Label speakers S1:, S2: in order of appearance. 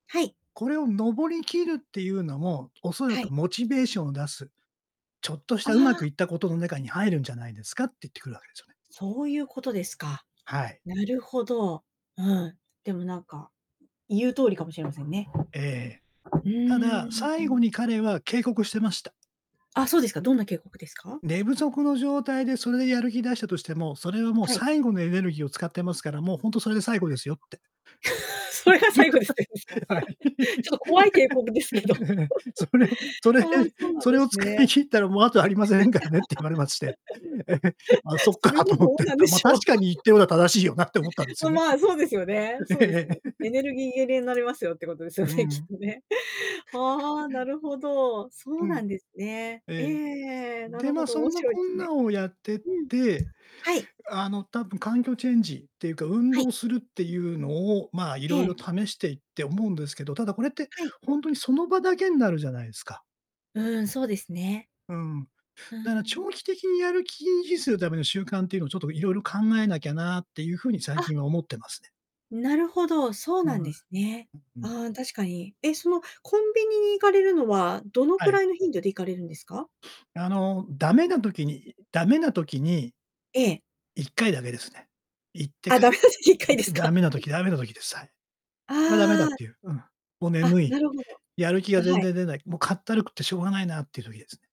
S1: はい。
S2: 「これを登り切るっていうのも、おそら
S1: はい。
S2: くモチベーションを出す、ちょっとし
S1: あ
S2: たうま
S1: あ。
S2: くいったことの中に入るんじゃないですか？」って言ってくるわけですよね。
S1: そういうことですか。
S2: はい。
S1: なるほど。うん。でもなんか言う通りかもしれませんね。
S2: ええ。
S1: う
S2: た
S1: ー
S2: だ、
S1: ん。う
S2: 最後
S1: ん。
S2: に彼は警告してました。
S1: あ、そうですか。どんな警告ですか？
S2: 「寝不足の状態で、それでやる気出したとしても、それはもう
S1: はい。
S2: 最後のエネルギーを使ってますから、もうほんとそれで最 後ですよ」って。
S1: 「それが最後です」って言うんですか？
S2: はい。
S1: ちょっと怖い警告ですけど。
S2: え、それそ
S1: あ
S2: れ
S1: あ、そうなん
S2: 「それ
S1: で
S2: を
S1: す
S2: 使い
S1: ね。
S2: 切ったらもうあとありませんからね」って言われまして。「あ、そっ
S1: そ
S2: か」
S1: れ
S2: と
S1: も
S2: 思っ
S1: どう
S2: て。
S1: なんで
S2: 「ま、
S1: しょ
S2: 確かに言ってることは正しいよな」って思ったんです
S1: う。
S2: よ ね。
S1: まあ、そうですよね。そ
S2: え
S1: うです
S2: え
S1: よ
S2: え
S1: ね。
S2: え。
S1: 「エネ ルギー切れになりますよ」ってことですよ
S2: う
S1: ね、きっ
S2: ん。
S1: とね。ああ、な るほど、そ
S2: う
S1: うな
S2: ん。
S1: んですね。
S2: え
S1: え
S2: え。
S1: え、な
S2: で、
S1: る
S2: ま
S1: ほ
S2: あ
S1: ど、
S2: そ
S1: 面
S2: んな
S1: 白い
S2: こ
S1: です
S2: ん
S1: ね。
S2: なをやってっ
S1: うん。
S2: て、
S1: はい。
S2: あの多分環境チェンジっていうか、運
S1: はい。
S2: 動するっていうのを、まあ
S1: え
S2: 色々
S1: え。
S2: 試していって思うんですけど、ただこれって
S1: はい。
S2: ほんとに、その場だけんなるじゃないですか。
S1: うーん、そうですね。
S2: うん。
S1: うー
S2: だから
S1: ん。
S2: 長期的にやる気を維持するための習慣っていうのをちょっと色々考えなきゃなっていう風に最
S1: あ。
S2: 近は思ってますね。
S1: なるほど、そう
S2: は
S1: なんです
S2: い。
S1: ね。
S2: ううん。
S1: ああ、確かに。え、そのコンビニに行かれるのは、どの
S2: は
S1: く
S2: い。
S1: らいの頻度で行かれるんですか？
S2: あのダメな時にダメな時に
S1: ええ。
S2: 1回だけですね。行って
S1: あ、
S2: 帰っ
S1: 駄
S2: て
S1: 目出し1回です
S2: [unintelligible] ダ
S1: か？
S2: メな時ダメな時です。はい。これはダメだ
S1: あ
S2: っ
S1: あ。
S2: ていう、うん。もう
S1: あ、
S2: 眠い。
S1: なるほど。
S2: やる気
S1: あ、
S2: が全
S1: はい。
S2: 然出ない。もうかったるくてしょうがないなっていう時ですね。